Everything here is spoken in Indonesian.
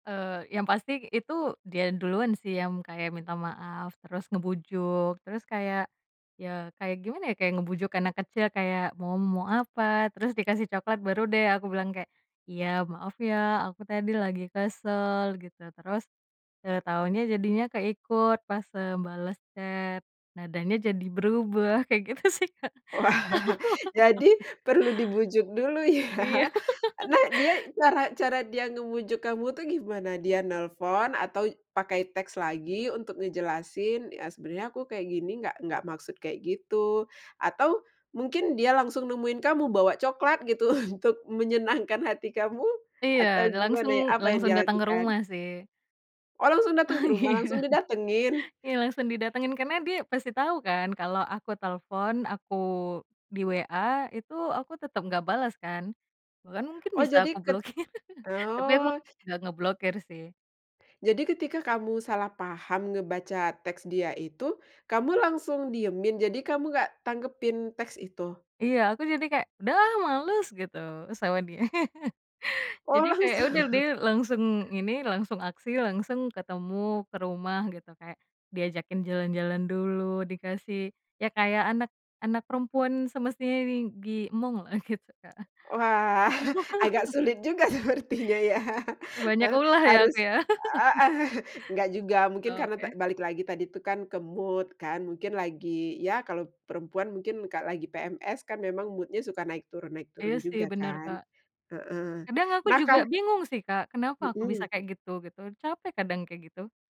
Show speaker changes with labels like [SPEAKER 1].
[SPEAKER 1] Eee, yang pasti itu dia duluan sih yang kayak minta maaf. Terus ngebujuk, terus kayak, ya kayak gimana ya, kayak ngebujuk anak kecil kayak, "Mo mo apa?" Terus dikasih coklat, baru deh aku bilang kayak, "Iya, maaf ya aku tadi lagi kesel," gitu. Terus, "Eee, taunya jadinya keikut pas, eee, bales chat, nadanya jadi berubah," kayak gitu sih, Kak.
[SPEAKER 2] Wah, jadi perlu dibujuk dulu ya.
[SPEAKER 1] Iya.
[SPEAKER 2] Nah, dia, cara cara dia ngebujuk kamu tuh gimana? Dia nelpon, atau pakai teks lagi untuk ngejelasin, "Ya, sebenernya aku kayak gini nggak nggak maksud kayak gitu." Atau mungkin dia langsung nemuin kamu, bawa coklat gitu untuk menyenangkan hati kamu, atau
[SPEAKER 1] Iya, langsung
[SPEAKER 2] gimana ya, apa yang
[SPEAKER 1] langsung
[SPEAKER 2] dia
[SPEAKER 1] datang ke
[SPEAKER 2] lakukan?
[SPEAKER 1] rumah sih.
[SPEAKER 2] Oh, langsung dateng
[SPEAKER 1] Ah,
[SPEAKER 2] ke rumah, langsung
[SPEAKER 1] iya.
[SPEAKER 2] didatengin?
[SPEAKER 1] Iya langsung didatengin, karena dia pasti tau kan kalau aku telepon, aku di WA itu, aku tetep nggak bales kan. Bahkan mungkin
[SPEAKER 2] Oh
[SPEAKER 1] bisa aku
[SPEAKER 2] jadi ket
[SPEAKER 1] blokir, tapi aku
[SPEAKER 2] Oh.
[SPEAKER 1] nggak ngeblokir sih.
[SPEAKER 2] Jadi ketika kamu salah paham ngebaca teks dia itu, kamu langsung diemin, jadi kamu nggak tanggepin teks itu?
[SPEAKER 1] Iya, aku jadi kayak, "Udahlah males," gitu sama dia.
[SPEAKER 2] Oh,
[SPEAKER 1] Jadi kayak ya udah
[SPEAKER 2] langsung
[SPEAKER 1] dia langsung ini, langsung aksi, langsung ketemu ke rumah gitu. Kayak diajakin jalan-jalan dulu, dikasih ya kayak anak anak perempuan semestinya di diemonglah, gitu, Kak.
[SPEAKER 2] Wah, agak sulit juga sepertinya ya.
[SPEAKER 1] Banyak
[SPEAKER 2] Eh,
[SPEAKER 1] ulah ya
[SPEAKER 2] harus
[SPEAKER 1] aku ya.
[SPEAKER 2] heeh. Nggak juga, mungkin karena ta
[SPEAKER 1] Oke.
[SPEAKER 2] balik lagi tadi tuh kan, ke mood kan, mungkin lagi ya kalau perempuan mungkin ka lagi PMS kan memang mood-nya suka naik turun naik
[SPEAKER 1] Iya,
[SPEAKER 2] turun
[SPEAKER 1] sih.
[SPEAKER 2] juga
[SPEAKER 1] Bener,
[SPEAKER 2] kan.
[SPEAKER 1] Kak.
[SPEAKER 2] Heeh.
[SPEAKER 1] Kadang aku
[SPEAKER 2] Nah
[SPEAKER 1] juga
[SPEAKER 2] ka
[SPEAKER 1] bingung sih, Kak, kenapa aku bisa
[SPEAKER 2] Mhm.
[SPEAKER 1] kayak gitu, gitu. Capek kadang kayak gitu.